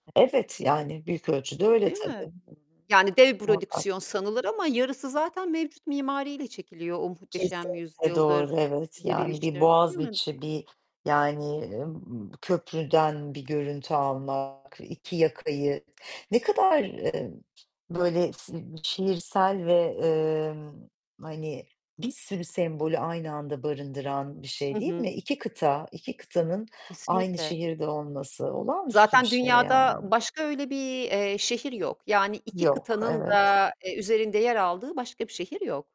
Evet, yani büyük ölçüde öyle Değil tabii. mi? Hı hı, Yani dev muhakkak. prodüksiyon sanılır ama yarısı zaten mevcut mimariyle çekiliyor. O Muhteşem Kesinlikle doğru, Yüzyıl'dır, evet. Yani bir Diriliş'tir değil mi? Boğaziçi, bir yani, eee, köprüden bir görüntü almak, 2 yakayı ne kadar, eee, böyle s ııı, şiirsel ve, eee, hani, bir sürü sembolü aynı anda barındıran bir şey, Hı değil hı. mi? 2 kıta, 2 kıtanın aynı Kesinlikle. şehirde olması olağanüstü Zaten bir şey dünyada yani. başka öyle bir, eee, şehir yok. Yani, 2 Yok, kıtanın evet. da, eee, üzerinde yer aldığı başka bir şehir yok.